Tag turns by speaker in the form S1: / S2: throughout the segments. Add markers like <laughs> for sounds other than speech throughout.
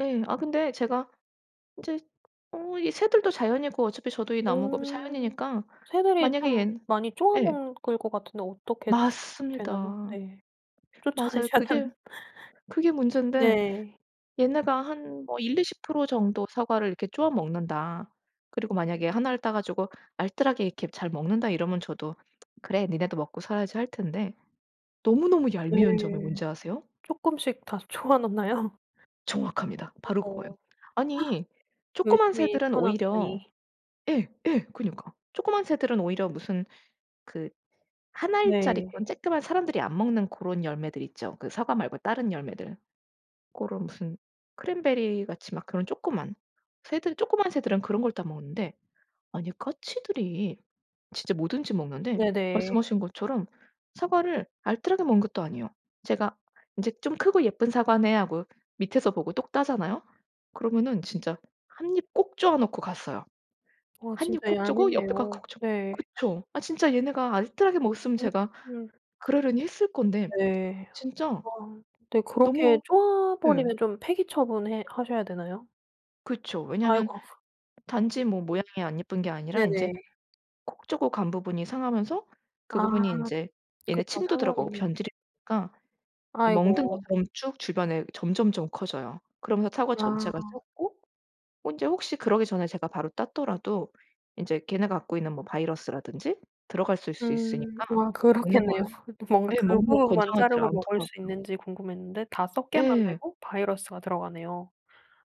S1: 예. 아 근데 제가 이제 어 이 새들도 자연이고 어차피 저도 이 나무가 뭐
S2: 어.
S1: 자연이니까
S2: 새들이
S1: 만약에
S2: 좀
S1: 얘
S2: 많이 쪼아
S1: 예.
S2: 먹을 것 같은데 어떻게 되나요?
S1: 맞습니다.
S2: 네.
S1: 맞아요.
S2: 쫓아내셔야
S1: 그게
S2: 되는
S1: 그게 문젠데
S2: 네.
S1: 얘네가 한 뭐 1-20% 정도 사과를 이렇게 쪼아 먹는다. 그리고 만약에 하나를 따 가지고 알뜰하게 이렇게 잘 먹는다 이러면 저도 '그래. 니네도 먹고 살아야지.' 할 텐데 너무너무
S2: 네.
S1: 얄미운 점이 뭔지 아세요?
S2: 쪼끔씩 다 쪼아 놓나요?
S1: 정확합니다.
S2: 어.
S1: 바로 그거예요.
S2: <gasps>
S1: 아니 쪼끄만
S2: 열심히
S1: 새들은
S2: 키워
S1: 오히려
S2: 놨더니.
S1: 예 예. 그러니까. 쪼끄만 새들은 오히려 무슨 그 1 알짜리
S2: 네.
S1: 그런 쬐끄만 사람들이 안 먹는 그런 열매들 있죠, 그 사과 말고 다른 열매들. 고런 무슨 크랜베리같이 막 그런 쪼끄만. 새들 쪼끄만 새들은 그런 걸 따 먹는데 아니 까치들이 진짜 뭐든지 먹는데
S2: 네네.
S1: 말씀하신 것처럼 사과를 알뜰하게 먹는 것도 아니에요. 제가 이제 '좀 크고 예쁜 사과네.' 하고 밑에서 보고 똑 따잖아요. 그러면은 진짜 1 입 꼭 쪼아 놓고 갔어요.
S2: 아,
S1: 1 입
S2: 진짜
S1: 콕 쪼고 옆에 거
S2: 얄밉네요.
S1: 콕 쪼고.
S2: 네.
S1: 그쵸. 아 진짜 얘네가 알뜰하게 먹었으면
S2: 어.
S1: 제가
S2: 음.
S1: 그러려니 했을 건데
S2: 네.
S1: 진짜
S2: 아 근데 그렇게
S1: 너무
S2: 쪼아
S1: 네.
S2: 버리면 좀 폐기 처분 해 하셔야 되나요?
S1: 그쵸. 왜냐하면
S2: 아이고. <laughs>
S1: 단지 뭐 모양이 안 예쁜 게 아니라 인제
S2: 네네.
S1: 콕 쪼고 간 부분이 상하면서 그
S2: 아.
S1: 부분이 인제 얘네
S2: 그쵸.
S1: 침도 들어가고
S2: 상하겠네요.
S1: 변질이 되니까 이 멍든
S2: 아이고.
S1: 것처럼 쭉 주변에 점점점 커져요. 그러면서 사과
S2: 아.
S1: 전체가 썩고 인제 혹시 그러기 전에 제가 바로 땄더라도 인제 걔네가 갖고 있는 뭐 바이러스라든지 들어갔을 수
S2: 음.
S1: 있으니까
S2: 아,
S1: 먹는 걸
S2: 그렇겠네요. <laughs> 뭔가
S1: 네.
S2: 그
S1: 먹는 걸
S2: 부분만
S1: 권장하지를
S2: 자르고 먹을 수
S1: 않더라고요.
S2: 있는지 궁금했는데 다 썩게
S1: 예.
S2: 만들고 바이러스가 들어가네요.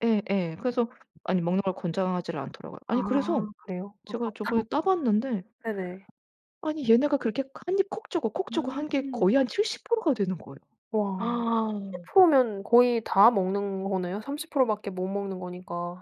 S1: 예예. 그래서 아니 먹는 걸 권장하지를 않더라고요.
S2: 아,
S1: 아니 그래서
S2: 그래요?
S1: 제가
S2: 아깝다.
S1: 저번에 따 봤는데
S2: 네네.
S1: 아니 얘네가 그렇게 1 입 콕 쪼고 콕 쪼고 한 게
S2: 음.
S1: 거의 한 70% 가 되는 거예요.
S2: 와.
S1: 아.
S2: 70% 면 거의 다 먹는 거네요, 30% 밖에 못 먹는 거니까.